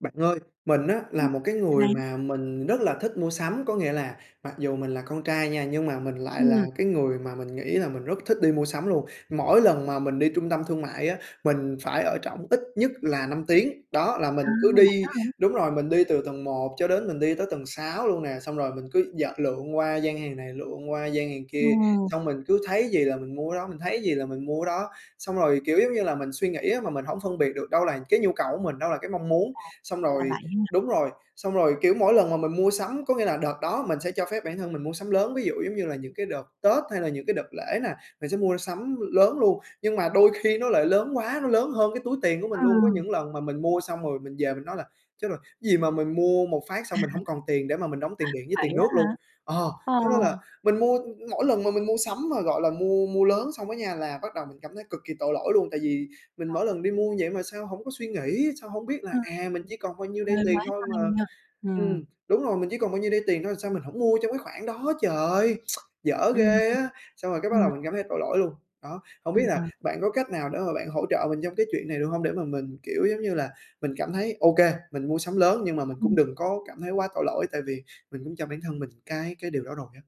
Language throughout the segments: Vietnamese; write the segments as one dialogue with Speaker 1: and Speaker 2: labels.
Speaker 1: Bạn ơi, mình á,
Speaker 2: Ừm,
Speaker 1: là một cái
Speaker 2: n
Speaker 1: người
Speaker 2: bạn.
Speaker 1: mà mình rất là thích mua sắm. Có nghĩa là mặc dù mình là con trai nha, nhưng mà mình lại là
Speaker 2: Ừm.
Speaker 1: cái người mà mình nghĩ là mình rất thích đi mua sắm luôn. Mỗi lần mà mình đi trung tâm thương mại á, mình phải ở trỏng ít nhất là 5 tiếng. Đó, là
Speaker 2: À,
Speaker 1: mình cứ
Speaker 2: vậy
Speaker 1: đi
Speaker 2: đó hả?
Speaker 1: đúng rồi, mình đi từ tầng 1 cho đến mình đi tới tầng 6 luôn nè, xong rồi mình cứ d lượn qua gian hàng này, lượn qua gian hàng kia,
Speaker 2: Ừm.
Speaker 1: xong mình cứ thấy gì là mình mua cái đó, mình thấy cái gì là mình mua đó. Xong rồi, kiểu giống như là, mình suy nghĩ á mà mình hổng phân biệt được đâu là cái nhu cầu của mình, đâu là cái mong muốn.
Speaker 2: À,
Speaker 1: Xong
Speaker 2: ra là
Speaker 1: rồi
Speaker 2: vậy ha.
Speaker 1: đúng rồi, xong rồi, kiểu, mỗi lần mà mình mua sắm, có nghĩa là đợt đó mình sẽ cho phép bản thân mình mua sắm lớn, ví dụ giống như là những cái đợt Tết hay là những cái đợt lễ nè, mình sẽ mua sắm lớn luôn. Nhưng mà đôi khi nó lại lớn quá, nó lớn hơn cái túi tiền của mình
Speaker 2: Ờ.
Speaker 1: luôn, có những lần mà mình mua xong rồi, mình về mình nói là "Chết rồi! Gì mà mình mua một phát xong mình hông còn tiền để mà mình đóng tiền điện với
Speaker 2: Vậy
Speaker 1: tiền
Speaker 2: á
Speaker 1: nước luôn."
Speaker 2: hả?
Speaker 1: Ờ,
Speaker 2: Ờ.
Speaker 1: cho nên là mình mua mỗi lần mà mình mua sắm mà gọi là mua mua lớn xong á nha, là bắt đầu mình cảm thấy cực kỳ tội lỗi luôn. Tại vì mình
Speaker 2: Đâu.
Speaker 1: mỗi lần đi mua vậy mà sao hổng có suy nghĩ, sao hông biết là
Speaker 2: Ờ.
Speaker 1: "À, mình
Speaker 2: ừm.
Speaker 1: chỉ còn bao nhiêu đây
Speaker 2: Hơi
Speaker 1: tiền
Speaker 2: quá
Speaker 1: thôi
Speaker 2: tay
Speaker 1: mà"
Speaker 2: nha. Ừm.
Speaker 1: ừm, đúng rồi, "Mình chỉ còn bao nhiêu đây tiền thôi, sao mình hổng mua trong cái khoản đó trời, dở
Speaker 2: Ừm,
Speaker 1: ghê á!" Xong rồi cái bắt
Speaker 2: hừm. Ừm.
Speaker 1: đầu mình cảm thấy tội lỗi luôn. Đó, hông biết
Speaker 2: Ưm,
Speaker 1: là
Speaker 2: ừm.
Speaker 1: bạn có cách nào để mà bạn hỗ trợ mình trong cái chuyện này được hông? Để mà mình, kiểu giống như là, mình cảm thấy, ô kê, mình mua sắm lớn nhưng mà mình cũng
Speaker 2: Ừm.
Speaker 1: đừng có cảm thấy quá tội lỗi, tại vì mình cũng cho bản thân mình cái cái điều đó rồi á.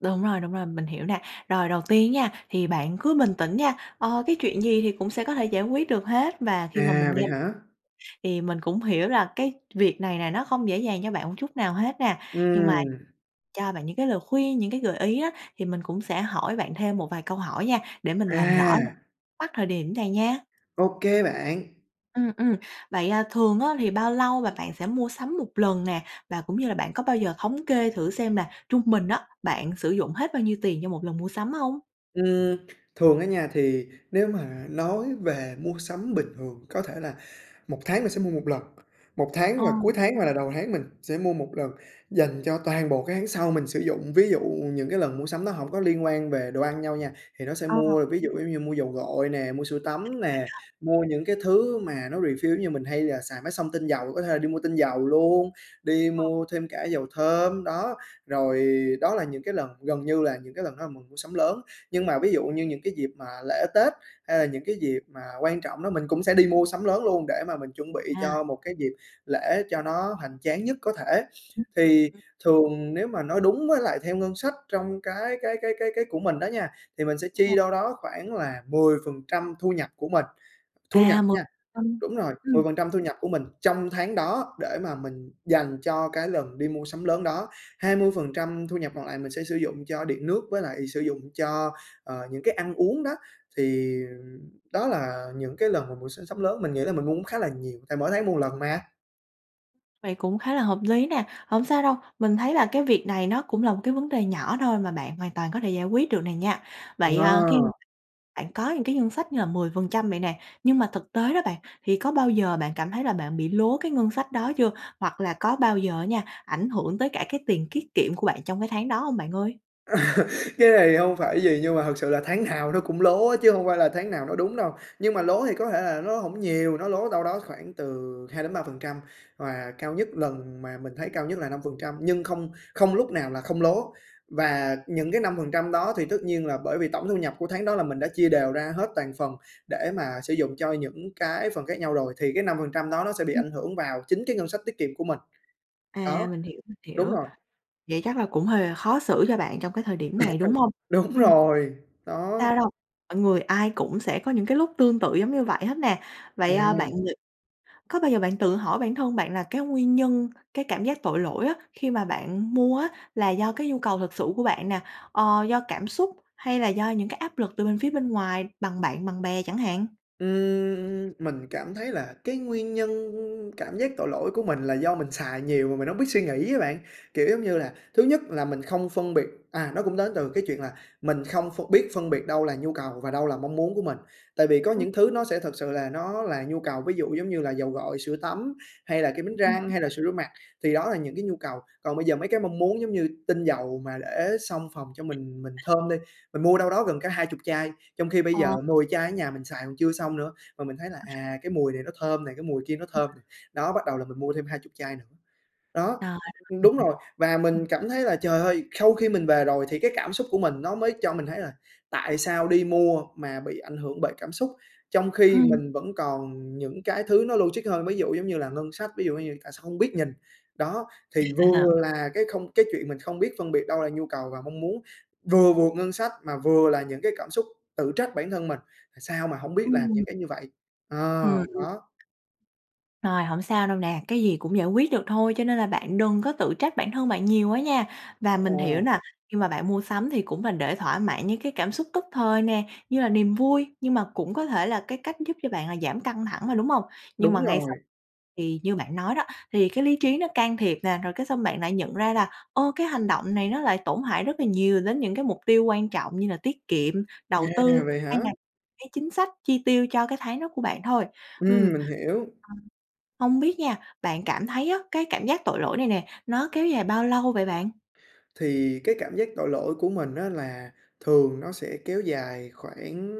Speaker 2: Đúng rồi, đúng rồi, mình hiểu nè. Rồi đầu tiên nha, thì bạn cứ bình tĩnh nha, ờ, cái chuyện gì thì cũng sẽ có thể giải quyết được hết và khi mà mình
Speaker 1: À,
Speaker 2: nghe
Speaker 1: vậy hả?
Speaker 2: thì mình cũng hiểu là cái việc này nè nó không dễ dàng cho bạn một chút nào hết nè. Nhưng mà
Speaker 1: Ừm.
Speaker 2: cho bạn những cái lời khuyên, những cái gợi ý á, thì mình cũng sẽ hỏi bạn thêm một vài câu hỏi nha, để mình làm rõ một
Speaker 1: À!
Speaker 2: mắc thời điểm này nha.
Speaker 1: Ô kê bạn.
Speaker 2: Ừm, ừm. Vậy, à, thường á, thì bao lâu và bạn sẽ mua sắm một lần nè? Và cũng như là bạn có bao giờ thống kê thử xem là trung bình á, bạn sử dụng hết bao nhiêu tiền cho một lần mua sắm hông?
Speaker 1: Ừm, thường á nha thì nếu mà nói về mua sắm bình thường có thể là 1 tháng mình sẽ mua 1 lần, 1 tháng
Speaker 2: Ờ.
Speaker 1: và cuối tháng hoặc là đầu tháng mình sẽ mua 1 lần, dành cho toàn bộ cái tháng sau mình sử dụng. Ví dụ những cái lần mua sắm đó hổng có liên quan về đồ ăn nhau nha, thì nó sẽ
Speaker 2: À.
Speaker 1: mua ví dụ giống như mua dầu gội nè, mua sữa
Speaker 2: À,
Speaker 1: tắm
Speaker 2: vậy
Speaker 1: nè,
Speaker 2: ha.
Speaker 1: mua những cái thứ mà nó refill giống như mình hay là xài máy xông tinh dầu, có thể là đi mua tinh dầu luôn, đi
Speaker 2: Hợp.
Speaker 1: mua thêm cả dầu thơm, đó, rồi đó là những cái lần gần như là những cái lần đó là mình mua sắm lớn. Nhưng mà ví dụ như những cái dịp mà lễ, Tết hay là những cái dịp mà quan trọng đó mình cũng sẽ đi mua sắm lớn luôn để mà mình chuẩn bị
Speaker 2: À.
Speaker 1: cho một cái dịp lễ cho nó hoành tráng nhất có thể.
Speaker 2: Ừm.
Speaker 1: Thì thường nếu mà nói đúng với lại theo ngân sách trong cái cái cái cái cái của mình đó nha, thì mình sẽ chi
Speaker 2: Rồi.
Speaker 1: đâu đó khoảng là 10% thu nhập của mình, thu nhập
Speaker 2: À, 10
Speaker 1: nha
Speaker 2: trăm,
Speaker 1: đúng rồi,
Speaker 2: ừm.
Speaker 1: 10% thu nhập của mình trong tháng đó để mà mình dành cho cái lần đi mua sắm lớn đó, 20% thu nhập còn lại mình sẽ sử dụng cho điện nước, với lại sử dụng cho, ờ, những cái ăn uống đó. Thì đó là những cái lần mà mùa s sắm lớn mình nghĩ là mình mua khá là nhiều tại mỗi tháng mua một lần mà.
Speaker 2: Vậy cũng khá là hợp lý nè, hổng sao đâu! Mình thấy là cái việc này nó cũng là một cái vấn đề nhỏ thôi mà bạn hoàn toàn có thể giải quyết được này nha.
Speaker 1: Ờ.
Speaker 2: Vậy, ờ, khi bạn có những cái ngân sách như là 10% vậy nè, nhưng mà thực tế đó, bạn, thì có bao giờ bạn cảm thấy là bạn bị lố cái ngân sách đó chưa? Hoặc là có bao giờ á nha, ảnh hưởng tới cả cái tiền kiết kiệm của bạn trong cái tháng đó hông, bạn ơi?
Speaker 1: Cái này hông phải gì nhưng mà thực sự là tháng nào nó cũng lố á, chứ hông phải là tháng nào nó đúng đâu. Nhưng mà lố thì có thể là nó hổng nhiều, nó lố đâu đó khoảng từ 2% đến 3% và cao nhất lần mà mình thấy cao nhất là 5%, nhưng không không lúc nào là không lố. Và những cái 5% đó thì tất nhiên là bởi vì tổng thu nhập của tháng đó là mình đã chia đều ra hết toàn phần để mà sử dụng cho những cái phần khác nhau rồi, thì cái 5% đó nó sẽ bị
Speaker 2: Ừm.
Speaker 1: ảnh hưởng vào chính cái ngân sách tiết kiệm của mình. Đó,
Speaker 2: À, mình hiểu, mình
Speaker 1: đúng
Speaker 2: hiểu.
Speaker 1: rồi.
Speaker 2: Vậy chắc là cũng hơi khó xử cho bạn trong cái thời điểm này, đúng hông?
Speaker 1: Đúng
Speaker 2: Ừm.
Speaker 1: rồi, đó.
Speaker 2: Sao đâu, mọi người ai cũng sẽ có những cái lúc tương tự giống như vậy hết nè. Vậy, ơ, bạn
Speaker 1: À.
Speaker 2: ngh có bao giờ bạn tự hỏi bản thân bạn là cái nguyên nhân cái cảm giác tội lỗi á, khi mà bạn mua á, là do cái nhu cầu thực sự của bạn nè, ờ, do cảm xúc hay là do những cái áp lực từ bên phía bên ngoài bằng bạn bằng bè chẳng hạn?
Speaker 1: Ừm, mình cảm thấy là cái nguyên nhân cảm giác tội lỗi của mình là do mình xài nhiều mà mình hông biết suy nghĩ á bạn. Kiểu giống như là, thứ nhất là mình không phân biệt à, nó cũng đến từ cái chuyện là mình không ph biết phân biệt đâu là nhu cầu và đâu là mong muốn của mình. Tại vì có
Speaker 2: Ừm.
Speaker 1: những thứ nó sẽ thật sự là nó là nhu cầu, ví dụ giống như là dầu gội, sữa tắm hay là kem đánh răng hay là sữa rửa mặt, thì đó là những cái nhu cầu. Còn bây giờ mấy cái mong muốn, giống như tinh dầu mà để xông phòng cho mình mình thơm đi, mình mua đâu đó gần cả 20 chai. Trong khi bây giờ
Speaker 2: Ờ.
Speaker 1: 10 chai ở nhà mình xài còn chưa xong nữa, mà mình thấy là "À, cái mùi này nó thơm này, cái mùi kia nó
Speaker 2: Ừm.
Speaker 1: thơm này" đó, bắt đầu là mình mua thêm 20 chai nữa. Đó,
Speaker 2: Rồi, mình
Speaker 1: đúng
Speaker 2: hiểu.
Speaker 1: rồi. Và
Speaker 2: Ừm.
Speaker 1: mình cảm thấy là, trời ơi! Khau khi mình về rồi thì cái cảm xúc của mình nó mới cho mình thấy là "Tại sao đi mua mà bị ảnh hưởng bởi cảm xúc? Trong khi
Speaker 2: Ừm.
Speaker 1: mình vẫn còn những cái thứ nó logic hơn, ví dụ giống như là ngân sách, ví dụ như tại sao không biết nhìn." Đó, thì vừa là cái không cái chuyện mình không biết phân biệt đâu là nhu cầu và mong muốn, vừa vượt ngân sách, mà vừa là những cái cảm xúc tự trách bản thân mình: "À, sao mà hổng biết là những
Speaker 2: Ừm.
Speaker 1: cái như vậy?" Ờ,
Speaker 2: Ừm, ừm.
Speaker 1: đó.
Speaker 2: Rồi, hổng sao đâu nè. Cái gì cũng giải quyết được thôi cho nên là bạn đừng có tự trách bản thân bạn nhiều quá nha! Và mình hiểu
Speaker 1: Ồ.
Speaker 2: nè, khi mà bạn mua sắm thì cũng mình để thỏa mãn những cái cảm xúc tức thời nè, như là niềm vui, nhưng mà cũng có thể là cái cách giúp cho bạn là giảm căng thẳng mà, đúng hông? Nhưng
Speaker 1: Đúng
Speaker 2: mà ngay sau
Speaker 1: rồi.
Speaker 2: thì như bạn nói đó, thì cái lý trí nó can thiệp nè, rồi cái xong bạn lại nhận ra là "Ô! Cái hành động này nó lại tổn hại rất là nhiều đến những cái mục tiêu quan trọng như là tiết kiệm, đầu
Speaker 1: À,
Speaker 2: tư
Speaker 1: vậy
Speaker 2: hay
Speaker 1: hả?
Speaker 2: là cái chính sách chi tiêu cho cái tháng đó của bạn thôi." Ừm,
Speaker 1: Ừm, mình hiểu.
Speaker 2: ờ, hông biết nha, bạn cảm thấy á, cái cảm giác tội lỗi này nè, nó kéo dài bao lâu vậy bạn?
Speaker 1: Thì cái cảm giác tội lỗi của mình á, là thường nó sẽ kéo dài khoảng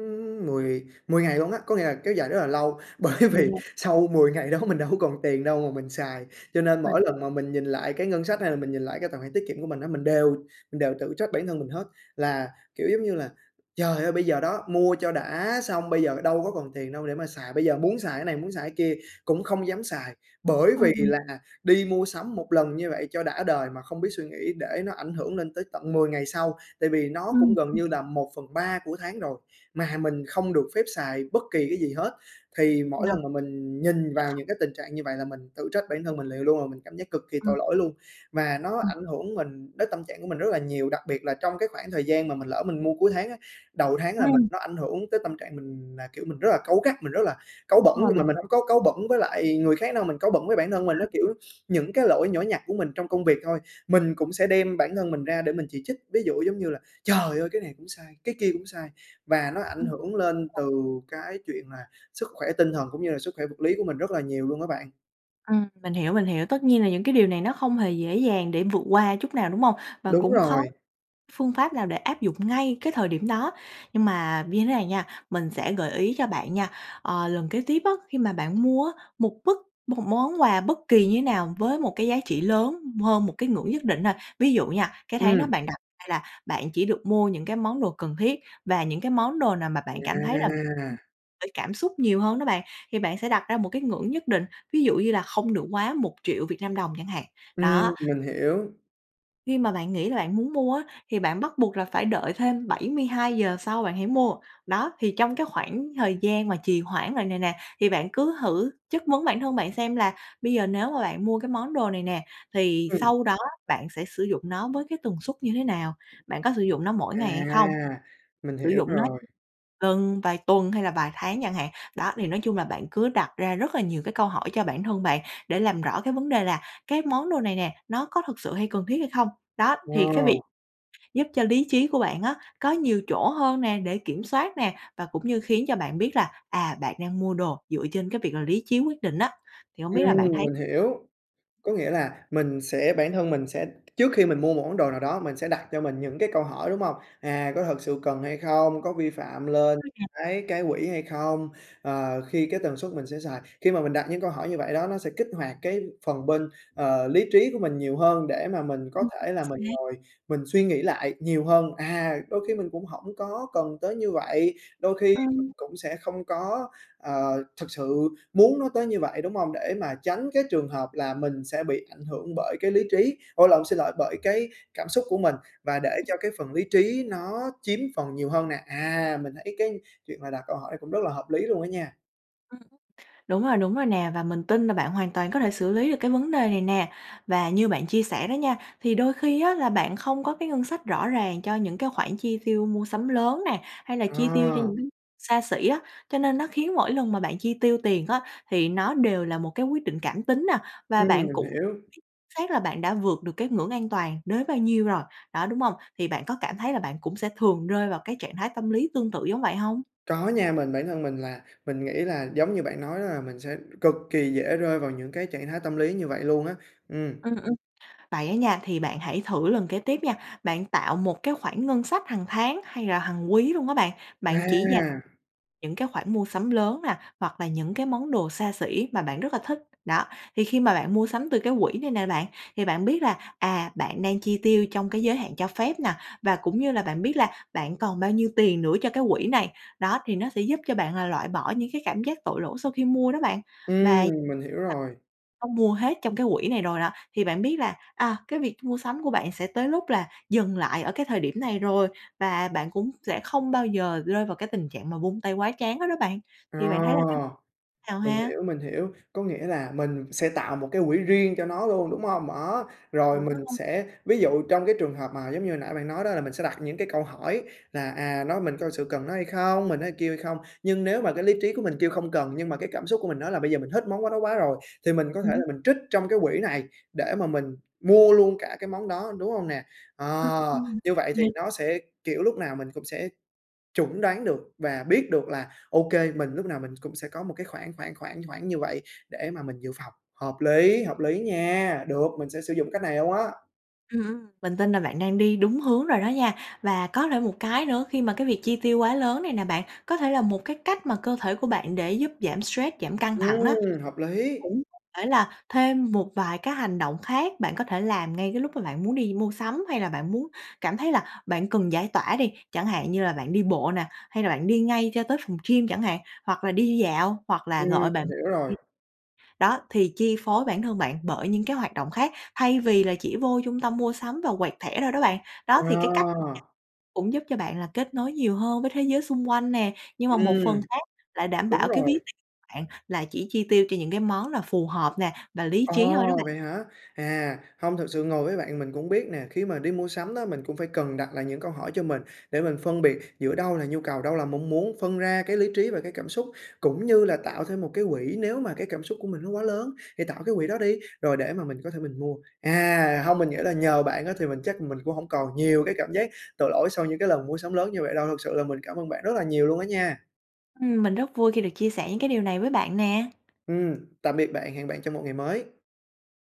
Speaker 1: mười mười ngày luôn á. Có nghĩa là kéo dài rất là lâu bởi
Speaker 2: Đường
Speaker 1: vì
Speaker 2: ngày.
Speaker 1: sau 10 ngày đó mình đâu có còn tiền đâu mà mình xài. Cho nên
Speaker 2: Phình
Speaker 1: mỗi lần mà mình nhìn lại cái ngân sách hay là mình nhìn lại cái tài khoản tiết kiệm của mình á, mình đều mình đều tự trách bản thân mình hết là, kiểu, giống như là "Trời ơi! Bây giờ đó mua cho đã xong bây giờ đâu có còn tiền đâu để mà xài, bây giờ muốn xài cái này, muốn xài cái kia cũng không dám xài bởi vì
Speaker 2: Ờm.
Speaker 1: là đi mua sắm một lần như vậy cho đã đời mà không biết suy nghĩ để nó ảnh hưởng lên tới tận 10 ngày sau." Tại vì nó
Speaker 2: Ừm,
Speaker 1: cũng gần
Speaker 2: ừm.
Speaker 1: như là 1/3 của tháng rồi mà mình không được phép xài bất kỳ cái gì hết. Thì
Speaker 2: Ờ,
Speaker 1: mỗi
Speaker 2: hơi
Speaker 1: lần mà mình nhìn vào
Speaker 2: kh
Speaker 1: những cái tình trạng như vậy là mình tự trách bản thân mình liền luôn, mình cảm giác cực kỳ
Speaker 2: Ừm.
Speaker 1: tội lỗi luôn, mà nó
Speaker 2: Ừm.
Speaker 1: ảnh hưởng mình đến tâm trạng của mình rất là nhiều. Đặc biệt là trong cái khoảng thời gian mà mình lỡ mình mua cuối tháng á, đầu tháng là mình
Speaker 2: Ừm.
Speaker 1: nó ảnh hưởng tới tâm trạng mình là, kiểu, mình rất là cáu gắt, mình rất là cáu bẩn.
Speaker 2: Ờ,
Speaker 1: Nhưng mà
Speaker 2: mình
Speaker 1: mình hông có cáu bẩn với lại người khác đâu, mình cáu bẩn với bản thân mình, á, kiểu, những cái lỗi nhỏ nhặt của mình trong công việc thôi, mình cũng sẽ đem bản thân mình ra để mình chỉ trích. Ví dụ giống như là "Trời ơi! Cái này cũng sai, cái kia cũng sai!" Và nó ảnh
Speaker 2: Ừm
Speaker 1: hưởng lên
Speaker 2: rồi.
Speaker 1: từ cái chuyện là sức khỏe tinh thần cũng như là sức khỏe vật lý của mình rất là nhiều luôn á bạn.
Speaker 2: Ừm, mình hiểu, mình hiểu. Tất nhiên là những cái điều này nó không hề dễ dàng để vượt qua chút nào, đúng hông? Và
Speaker 1: Đúng
Speaker 2: cũng khó
Speaker 1: rồi.
Speaker 2: phương pháp nào để áp dụng ngay cái thời điểm đó. Nhưng mà như thế này nha, mình sẽ gợi ý cho bạn nha, ờ, lần kế tiếp á, khi mà bạn mua á, một bất một món quà bất kỳ như thế nào với một cái giá trị lớn hơn một cái ngưỡng nhất định ha. Ví dụ nha, cái tháng đó
Speaker 1: Ừm.
Speaker 2: bạn đặt ra là bạn chỉ được mua những cái món đồ cần thiết và những cái món đồ nào mà bạn cảm thấy là
Speaker 1: À!
Speaker 2: bởi cảm xúc nhiều hơn đó bạn. Thì bạn sẽ đặt ra một cái ngưỡng nhất định, ví dụ như là không được quá 1.000.000 Việt Nam đồng chẳng hạn.
Speaker 1: Ừm,
Speaker 2: Đó!
Speaker 1: mình hiểu.
Speaker 2: Khi mà bạn nghĩ là bạn muốn mua á, thì bạn bắt buộc là phải đợi thêm 72 giờ sau bạn hãy mua. Đó, thì trong cái khoảng thời gian mà trì hoãn rồi này nè, thì bạn cứ thử chất vấn bản thân bạn xem là bây giờ nếu mà bạn mua cái món đồ này nè thì
Speaker 1: Ừm.
Speaker 2: sau đó bạn sẽ sử dụng nó với cái tần suất như thế nào? Bạn có sử dụng nó mỗi ngày hay không?
Speaker 1: À! Mình
Speaker 2: Sử
Speaker 1: hiểu
Speaker 2: dụng nó
Speaker 1: rồi.
Speaker 2: lần, vài tuần hay là vài tháng chẳng hạn. Đó, thì nói chung là bạn cứ đặt ra rất là nhiều cái câu hỏi cho bản thân bạn để làm rõ cái vấn đề là cái món đồ này nè, nó có thực sự hay cần thiết hay không? Đó,
Speaker 1: Ờ.
Speaker 2: thì cái việc giúp cho lý trí của bạn á, có nhiều chỗ hơn nè để kiểm soát nè, và cũng như khiến cho bạn biết là, à, bạn đang mua đồ dựa trên cái việc là lý trí quyết định á, thì hông biết là
Speaker 1: Ừm,
Speaker 2: bạn thấy
Speaker 1: mình hiểu. Có nghĩa là mình sẽ bản thân mình sẽ trước khi mình mua một món đồ nào đó mình sẽ đặt cho mình những cái câu hỏi, đúng hông? À, có thật sự cần hay không, có vi phạm lên
Speaker 2: [unintelligible]
Speaker 1: cái cái quỹ hay không? Ờ, khi cái tần suất mình sẽ xài khi mà mình đặt những câu hỏi như vậy đó, nó sẽ kích hoạt cái phần bên, ờ, lý trí của mình nhiều hơn để mà mình có
Speaker 2: Ừm
Speaker 1: thể là mình
Speaker 2: xác.
Speaker 1: ngồi mình suy nghĩ lại nhiều hơn. À, đôi khi mình cũng hổng có cần tới như vậy, đôi khi
Speaker 2: Ờ.
Speaker 1: mình cũng sẽ không có, ờ, thực sự muốn nó tới như vậy, đúng hông? Để mà tránh cái trường hợp là mình sẽ bị ảnh hưởng bởi cái lý trí ủa lộn, xin lỗi, bởi cái cảm xúc của mình và để
Speaker 2: Ừm.
Speaker 1: cho cái phần lý trí nó chiếm phần nhiều hơn nè. À, mình thấy cái chuyện mà đặt câu hỏi cũng rất là hợp lý luôn á nha.
Speaker 2: Ừm, đúng rồi, đúng rồi nè! Và mình tin là bạn hoàn toàn có thể xử lý được cái vấn đề này nè. Và như bạn chia sẻ đó nha, thì đôi khi á, là bạn không có cái ngân sách rõ ràng cho những cái khoản chi tiêu mua sắm lớn nè, hay là chi tiêu cho
Speaker 1: À.
Speaker 2: những xa xỉ á. Cho nên nó khiến mỗi lần mà bạn chi tiêu tiền á, thì nó đều là một cái quyết định cảm tính nè, và
Speaker 1: Ừm,
Speaker 2: bạn
Speaker 1: mình
Speaker 2: cũng biết
Speaker 1: hiểu.
Speaker 2: xác là bạn đã vượt được cái ngưỡng an toàn đến bao nhiêu rồi, đó, đúng hông? Thì bạn có cảm thấy là bạn cũng sẽ thường rơi vào cái trạng thái tâm lý tương tự giống vậy hông?
Speaker 1: Có nha. Mình bản thân mình là mình nghĩ là giống như bạn nói đó là mình sẽ cực kỳ dễ rơi vào những cái trạng thái tâm lý như vậy luôn á. Ừm.
Speaker 2: Ừm, ừm, vậy á nha, thì bạn hãy thử lần kế tiếp nha. Bạn tạo một cái khoản ngân sách hàng tháng hay là hàng quý luôn á bạn. Bạn chỉ dành
Speaker 1: À.
Speaker 2: những cái khoản mua sắm lớn nè, hoặc là những cái món đồ xa xỉ mà bạn rất là thích, đó. Thì khi mà bạn mua sắm từ cái quỹ này nè bạn, thì bạn biết là, à, bạn đang chi tiêu trong cái giới hạn cho phép nè, và cũng như là bạn biết là bạn còn bao nhiêu tiền nữa cho cái quỹ này, đó. Thì nó sẽ giúp cho bạn là loại bỏ những cái cảm giác tội lỗi sau khi mua đó bạn. Và
Speaker 1: Ừm,
Speaker 2: săn
Speaker 1: mình hiểu rồi.
Speaker 2: không mua hết trong cái quỹ này rồi đó, thì bạn biết là, à, cái việc mua sắm của bạn sẽ tới lúc là dừng lại ở cái thời điểm này rồi, và bạn cũng sẽ không bao giờ rơi vào cái tình trạng mà vung tay quá trán hết đó bạn.
Speaker 1: Ờ,
Speaker 2: Thì bạn thấy là cái nào
Speaker 1: mình
Speaker 2: ha?
Speaker 1: hiểu, mình hiểu. Có nghĩa là mình sẽ tạo một cái quỹ riêng cho nó luôn, đúng hông? Đó, rồi mình
Speaker 2: [unintelligible]
Speaker 1: sẽ ví dụ trong cái trường hợp mà giống như hồi nãy bạn nói đó, là mình sẽ đặt những cái câu hỏi là: "À, nói mình có thực sự cần nó hay không, mình nói kêu hay không?" Nhưng nếu mà cái lý trí của mình kêu: "Không cần!", nhưng mà cái cảm xúc của mình nói là "Bây giờ mình thích món đó quá rồi!", thì mình có thể
Speaker 2: Ừm.
Speaker 1: là mình trích trong cái quỹ này để mà mình mua luôn cả cái món đó, đúng hông nè?
Speaker 2: Ừm,
Speaker 1: Ờ,
Speaker 2: ừm,
Speaker 1: như vậy thì
Speaker 2: yeah.
Speaker 1: nó sẽ, kiểu, lúc nào mình cũng sẽ chuẩn đoán được và biết được là, ô kê, mình lúc nào mình cũng sẽ có một cái khoảng, khoảng, khoảng, khoảng như vậy để mà mình dự phòng. Hợp lý, hợp lý nha! Được, mình sẽ sử dụng cách này luôn á.
Speaker 2: Ừm, ừm, mình tin là bạn đang đi đúng hướng rồi đó nha, và có thể một cái nữa, khi mà cái việc chi tiêu quá lớn này nè bạn, có thể là một cái cách mà cơ thể của bạn để giúp giảm stress, giảm căng thẳng đó.
Speaker 1: Ừm, hợp lý!
Speaker 2: Cũng có thể là thêm một vài cái hành động khác bạn có thể làm ngay cái lúc mà bạn muốn đi mua sắm hay là bạn muốn cảm thấy là bạn cần giải tỏa đi, chẳng hạn như là bạn đi bộ nè, hay là bạn đi ngay cho tới phòng gym chẳng hạn, hoặc là đi dạo hoặc là
Speaker 1: Ừm,
Speaker 2: gọi bạn
Speaker 1: mình hiểu rồi.
Speaker 2: đi. Đó, thì chi phối bản thân bạn bởi những cái hoạt động khác, thay vì là chỉ vô trung tâm mua sắm và quẹt thẻ thôi đó bạn. Đó, thì cái cách
Speaker 1: Ờ.
Speaker 2: cũng giúp cho bạn là kết nối nhiều hơn với thế giới xung quanh nè, nhưng mà một phần
Speaker 1: Ừm.
Speaker 2: khác lại đảm
Speaker 1: Đúng
Speaker 2: bảo cái ví
Speaker 1: rồi.
Speaker 2: tiền bạn là chỉ chi tiêu cho những cái món là phù hợp nè và lý trí thôi đó
Speaker 1: Ồ,
Speaker 2: bạn.
Speaker 1: vậy hả? À, hông, thực sự ngồi với bạn mình cũng biết nè, khi mà đi mua sắm đó mình cũng phải cần đặt lại những câu hỏi cho mình, để mình phân biệt giữa đâu là nhu cầu, đâu là mong muốn. Phân ra cái lý trí và cái cảm xúc, cũng như là tạo thêm một cái quỹ nếu mà cái cảm xúc của mình nó quá lớn, thì tạo cái quỹ đó đi, rồi để mà mình có thể mình mua. À, hông, mình nghĩ là nhờ bạn á, thì mình chắc mình cũng hổng còn nhiều cái cảm giác tội lỗi sau những cái lần mua sắm lớn như vậy đâu, thực sự là mình cảm ơn bạn rất là nhiều luôn á nha.
Speaker 2: Ừm, mình rất vui khi được chia sẻ những cái điều này với bạn nè.
Speaker 1: Ừm, tạm biệt bạn! Hẹn bạn trong một ngày mới.